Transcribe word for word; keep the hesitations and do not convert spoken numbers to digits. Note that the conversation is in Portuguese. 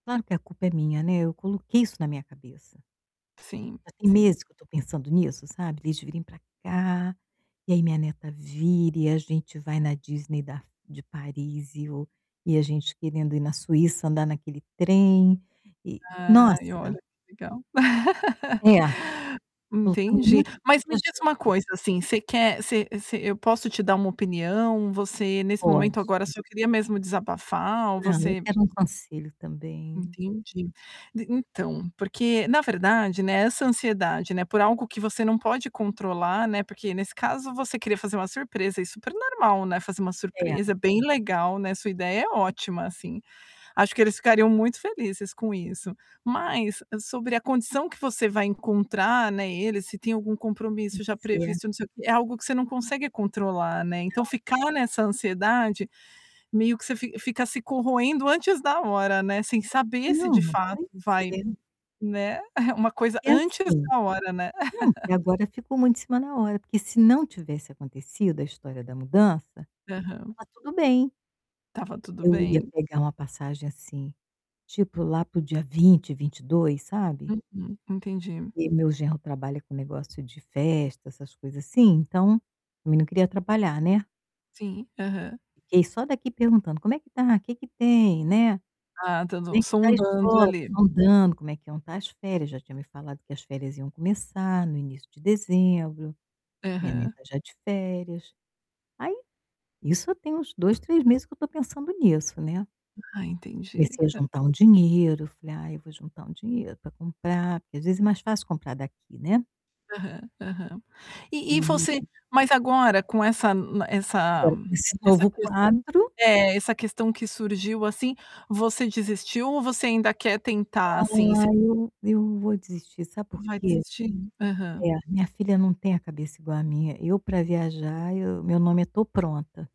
Claro que a culpa é minha, né, eu coloquei isso na minha cabeça. Sim, Já tem sim. meses que eu estou pensando nisso, sabe, deles virem pra cá, e aí minha neta vir e a gente vai na Disney da de Paris e o e a gente querendo ir na Suíça andar naquele trem, e Ai, olha nossa! que legal. É, faltando um Entendi. monte de Mas me diz uma projetos. coisa, assim, você quer você você eu posso te dar uma opinião, você nesse Pode. momento agora só queria mesmo desabafar ou Não. Eu você quero um conselho também. Entendi. D então, porque, na verdade, né, essa ansiedade, né, por algo que você não pode controlar, né, porque nesse caso você queria fazer uma surpresa, é super normal, né, fazer uma É. surpresa, é bem legal, né, sua ideia é ótima, assim. Acho que eles ficariam muito felizes com isso. Mas, sobre a condição que você vai encontrar, né, ele, se tem algum Pois compromisso já é. previsto, não sei o quê, é algo que você não consegue controlar, né, então Não. ficar nessa ansiedade, meio que você fi fica se corroendo antes da hora, né, sem saber se Não, de não fato tem que vai, ser. né, uma coisa Porque, antes assim da hora, né. não, porque agora ficou muito em cima da hora, porque se não tivesse acontecido a história da mudança, Aham. estava tudo bem. Estava tudo Eu ia bem. pegar uma passagem, assim, tipo lá para o dia vinte, vinte e dois, sabe. Uhum. Entendi. Porque meu genro trabalha com negócio de festa, essas coisas assim, então, também não queria atrapalhar, né. Sim, aham. Fiquei só daqui perguntando: "Como é que está? Que que tem, né? Ah, Como é [unintelligible] que está a sondando escola?" ali. Sondando, como é que iam estar as férias, já tinha me falado que as férias iam começar no início de dezembro. Minha Aham. neta, já de férias. Aí isso eu tenho uns dois, três meses que eu estou pensando nisso, né. Ah, entendi. Comecei a juntar um dinheiro, falei: "Ai, eu vou juntar um dinheiro pra comprar.", porque, às vezes, é mais fácil comprar daqui, né. Aham, aham. E e você E mas agora com essa n essa Agora com esse essa novo ques quadro é, essa questão que surgiu, assim, você desistiu ou você ainda quer tentar assim, e s Ai, eu eu vou desistir, sabe por Vai quê? desistir? É, Aham. minha filha não tem a cabeça igual a minha. Eu pra viajar eu meu nome é: "Tô pronta".